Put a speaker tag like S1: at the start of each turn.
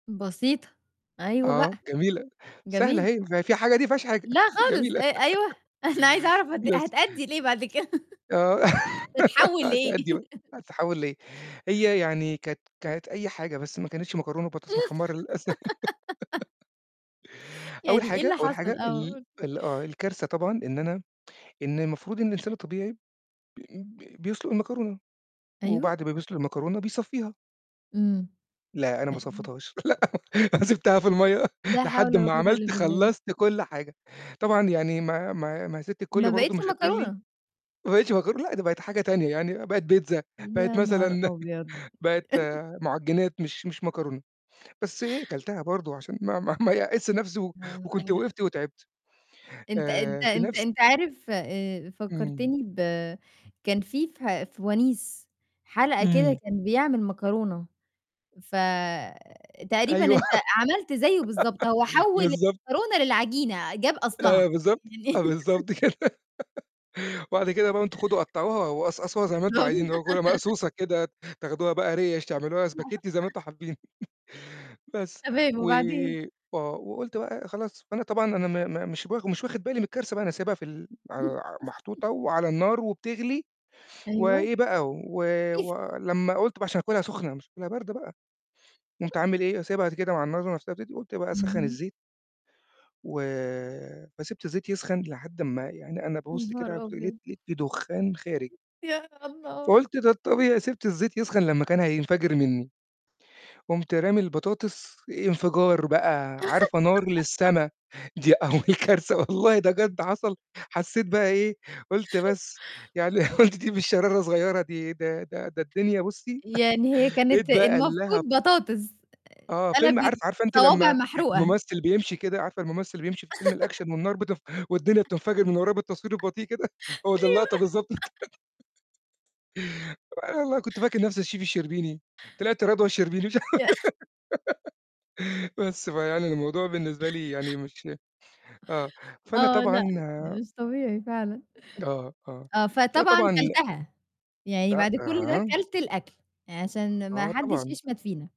S1: بسيطة. أيوه بقى.
S2: آه، جميلة، سهلة
S1: جميلة.
S2: أهي. ف فيها حاجة دي؟ ما فيهاش حاجة.
S1: لأ، خالص أ
S2: جميلة.
S1: أيوه. أنا عايزة أعرف هت
S2: بس.
S1: هتأدّي لإيه بعد كده
S2: آه
S1: تتحوّل لإيه؟
S2: هتأدّي بقى، هتتحوّل لإيه؟ هي يعني كانت كانت أي حاجة، بس ما كانتش مكرونة ببطاطس
S1: إمم.
S2: محمّرة للأسف. أول
S1: يعني إيه
S2: حاجة
S1: اللي
S2: أول
S1: حصل؟
S2: حاجة
S1: آه،
S2: ال
S1: قل.
S2: ال آه، الكارثة طبعًا إن أنا إن المفروض إن الإنسان الطبيعي بي ب بيسلُق المكرونة،
S1: أيوه.
S2: وبعد ما بيسلُق المكرونة، بيصفّيها
S1: إمم.
S2: لأ، أنا ما صفّيتهاش لأ، أنا سِبتها في المَيّة
S1: لا حول
S2: لحد
S1: ولا
S2: ما
S1: قوة إلّا
S2: عملت
S1: بالله.
S2: خلّصت كلّ حاجة طبعًا، يعني ما ما ما هي سِت
S1: ما
S2: الكلّ
S1: بقيتش
S2: برضه مش هتقول لي
S1: مكرونة.
S2: ما بقيتش مكرونة، لأ، ده بقت حاجة تانية يعني، بقت بيتزا بقت
S1: يا نهار
S2: مثلًا
S1: أبيض!
S2: بقت مُعجنات مش مش مكرونة، بس إيه كَلتها برضه، عشان ما ما ما يأسش نفسي، و وكنت وقفت،
S1: [unintelligible]
S2: وتعبت.
S1: أنت أنت
S2: آآ في
S1: أنت
S2: نفس
S1: أنت عارف آآ
S2: إمم.
S1: فكّرتني ب كان في فه في ونيس حلقة كده
S2: إمم.
S1: كان بيعمل مكرونة، فتقريبًا
S2: أيوه.
S1: أنت عملت زيّه بالضبط هو حوّل
S2: بالضبط.
S1: المكرونة للعجينة جاب أصلها.
S2: آه، بالضبط، آه، بالضبط
S1: [unintelligible]
S2: كده وبعد كده بقى أنتم خدوا قطعوها، وقصقصوها زي ما أنتم
S1: بالضبط.
S2: عايزينها [unintelligible] ومقصوصة كده تاخدوها بقى ريش، تعملوها spaghetti زي ما أنتم حابين. بس.
S1: تمام،
S2: و
S1: وبعدين.
S2: آه، وقُلت بقى خلاص فأنا طبعًا أنا ما ما مش بخ مش واخِد بالي من الكارثة بقى، أنا سايبها في ال على محطوطة وعلى النار، وبتغلي
S1: أيوه.
S2: وإيه بقى، و ولمّا قُلت بقى عشان أكلها سُخنة، مش هاكلها باردة بقى. قُمت عامل إيه، سايبها قد كده مع النار [unintelligible] وقُمت بقى أسخّن
S1: اهم.
S2: الزيت وفسِبت الزيت يسخن لحد أمّا يعني أنا
S1: يا
S2: بابُص كده
S1: نهار
S2: على تق لقيت
S1: أبيض!
S2: لقيت في دُخّان خارج.
S1: يا الله!
S2: فقُلت ده الطبيعي، سِبت الزيت يسخن لمّا كان هينفجر منّي، قُمت رامي البطاطس انفجار بقى. عارفة نار للسما دي أول كارثة والله ده بجد حصل، حسّيت بقى إيه، قُلت بس يعني قُلت دي مش شرارة صغيّرة دي ده ده ده الدنيا بُصّي
S1: يعني هي
S2: لقيت
S1: كانت
S2: بقى
S1: المفروض
S2: اللهب
S1: بطاطس
S2: آه،
S1: آآ
S2: فيلم
S1: قلَبت
S2: عارف عارفة أنتِ
S1: صوابع
S2: لمّا
S1: محروقة.
S2: المُمثّل بيمشي كده، عارفة المُمثّل اللي بيمشي في فيلم الأكشن، والنار بتف والدنيا بتنفجر من ورّاه بالتصوير البطيء كده، هو ده
S1: أيوه.
S2: اللقطة بالضبط. أنا والله كنت فاكر نفسي الchef الشربيني، طلعت رضوى الشربيني. ف
S1: ياه!
S2: بس فيعني، الموضوع بالنسبة لي يعني مش آه، فأنا
S1: آه،
S2: طبعًا
S1: لأ، لأ، مش طبيعي فعلًا.
S2: آه، آه،
S1: آه،
S2: فأنا
S1: فطبعًا
S2: طبعًا
S1: كلتها. يعني بعد كلّ ده كلت الأكل، عشان ما
S2: آه،
S1: حدش
S2: طبعًا.
S1: يشمت فينا.